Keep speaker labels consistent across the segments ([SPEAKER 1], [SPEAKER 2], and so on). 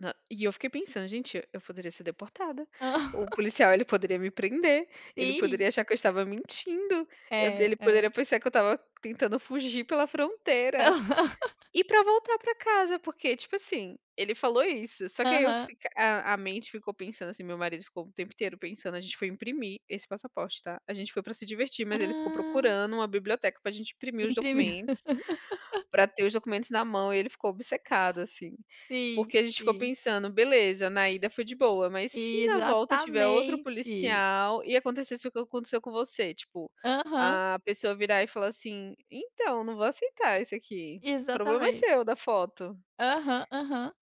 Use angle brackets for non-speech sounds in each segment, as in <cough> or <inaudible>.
[SPEAKER 1] Nã e, eu fiquei pensando gente, eu poderia ser deportada. O
[SPEAKER 2] <laughs>
[SPEAKER 1] policial, ele poderia me prender, ele
[SPEAKER 2] Sim!
[SPEAKER 1] poderia achar que eu estava mentindo. Eu
[SPEAKER 2] É,
[SPEAKER 1] ele
[SPEAKER 2] é.
[SPEAKER 1] poderia pensar que eu estava tentando fugir pela fronteira.
[SPEAKER 2] <laughs>
[SPEAKER 1] E pra voltar para casa porque, tipo assim, ele falou isso, só que aí eu
[SPEAKER 2] Aham.
[SPEAKER 1] f a a mente ficou pensando assim marido ficou o tempo inteiro pensando, a gente foi imprimir esse passaporte, tá? A gente foi pra se divertir mas ele ficou
[SPEAKER 2] Ah.
[SPEAKER 1] procurando uma biblioteca pra gente imprimir os
[SPEAKER 2] Imprimir.
[SPEAKER 1] documentos.
[SPEAKER 2] <laughs>
[SPEAKER 1] Pra ter os documentos na mão e ele ficou obcecado assim.
[SPEAKER 2] Sim,
[SPEAKER 1] Porque a gente ficou
[SPEAKER 2] sim.
[SPEAKER 1] pensando: "Beleza, na ida foi de boa, mas se na volta tiver outro
[SPEAKER 2] Exatamente!
[SPEAKER 1] policial e, acontecesse o que aconteceu com você.", tipo,
[SPEAKER 2] Aham.
[SPEAKER 1] a pessoa virar e falar, assim: "Então, não vou aceitar isso, aqui, problema é
[SPEAKER 2] Exatamente.
[SPEAKER 1] seu da foto.".
[SPEAKER 2] Aham, aham.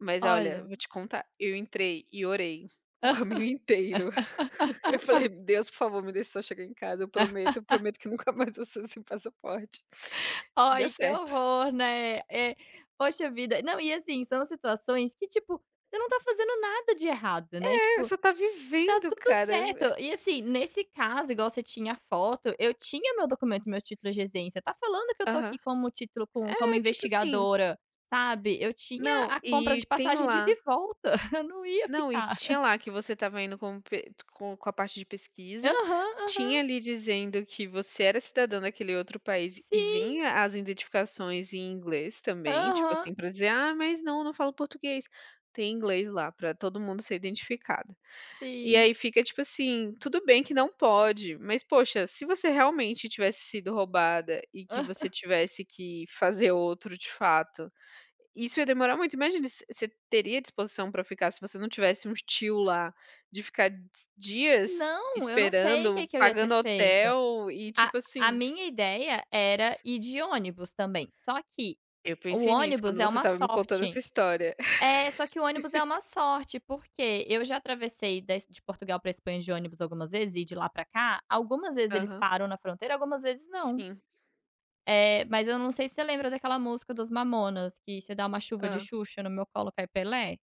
[SPEAKER 1] Mas, olha,
[SPEAKER 2] Olha.
[SPEAKER 1] vou te contar, eu entrei e orei, o caminho inteiro. <laughs> Eu falei, Deus, por favor, me
[SPEAKER 2] <laughs>
[SPEAKER 1] deixa só chegar em casa. Eu prometo, eu prometo que nunca
[SPEAKER 2] <laughs>
[SPEAKER 1] mais vou sair sem passaporte. Deu
[SPEAKER 2] Ai, que
[SPEAKER 1] certo.
[SPEAKER 2] horror, né, é. Poxa vida. Não, e assim, são situações que, tipo, você não tá fazendo nada de errado, né,
[SPEAKER 1] É.
[SPEAKER 2] tipo,
[SPEAKER 1] Você tá
[SPEAKER 2] tá
[SPEAKER 1] vivendo,
[SPEAKER 2] tudo
[SPEAKER 1] cara!
[SPEAKER 2] certo. E, assim, nesse caso, igual você tinha foto, eu tinha meu documento, meu título de residência. Está falando que eu tô aqui
[SPEAKER 1] Aham.
[SPEAKER 2] como título com como
[SPEAKER 1] É, tipo, assim
[SPEAKER 2] investigadora, sabe. Eu tinha
[SPEAKER 1] Não,
[SPEAKER 2] a compra
[SPEAKER 1] e
[SPEAKER 2] de
[SPEAKER 1] tem
[SPEAKER 2] passagem de ida
[SPEAKER 1] lá
[SPEAKER 2] e volta. <chuckles> Eu não ia
[SPEAKER 1] não, e
[SPEAKER 2] ficar.
[SPEAKER 1] tinha
[SPEAKER 2] <chuckles>
[SPEAKER 1] lá, que você estava indo com p co com a parte de pesquisa.
[SPEAKER 2] Aham, aham.
[SPEAKER 1] Tinha ali dizendo que você era cidadão daquele outro país e
[SPEAKER 2] Sim!
[SPEAKER 1] vinha as identificações em inglês, também tipo
[SPEAKER 2] Aham.
[SPEAKER 1] assim, pra dizer: "Ah, mas não, não falo português.". Tem em inglês lá pra todo mundo ser identificado. E
[SPEAKER 2] Sim.
[SPEAKER 1] aí fica tipo assim, tudo bem que não pode, mas poxa, se você, realmente tivesse sido roubada e que você
[SPEAKER 2] Aham.
[SPEAKER 1] tivesse que fazer outro, de fato, isso ia demorar muito. Imagina você você teria disposição pra ficar se você não tivesse um tio lá, de ficar d dias
[SPEAKER 2] Não, eu não sei o que
[SPEAKER 1] esperando,
[SPEAKER 2] que eu ia ter
[SPEAKER 1] pagando
[SPEAKER 2] feito.
[SPEAKER 1] hotel e,
[SPEAKER 2] A
[SPEAKER 1] tipo
[SPEAKER 2] a
[SPEAKER 1] assim
[SPEAKER 2] minha ideia era ir de ônibus também, só que
[SPEAKER 1] Eu
[SPEAKER 2] o
[SPEAKER 1] pensei nisso,
[SPEAKER 2] ônibus
[SPEAKER 1] quando
[SPEAKER 2] é
[SPEAKER 1] você
[SPEAKER 2] uma
[SPEAKER 1] estava me contando
[SPEAKER 2] sorte
[SPEAKER 1] essa história.
[SPEAKER 2] é, só que o ônibus é uma
[SPEAKER 1] <laughs>
[SPEAKER 2] sorte. Por quê? Eu já atravessei da Es de Portugal para a Espanha de ônibus algumas vezes e de lá para cá, algumas vezes eles
[SPEAKER 1] Aham.
[SPEAKER 2] param na fronteira, algumas vezes não.
[SPEAKER 1] Sim.
[SPEAKER 2] É, mas eu não sei se você lembra daquela música dos mamonas, que se dar uma chuva
[SPEAKER 1] Hã.
[SPEAKER 2] de Xuxa, no meu colo, cai Pelé.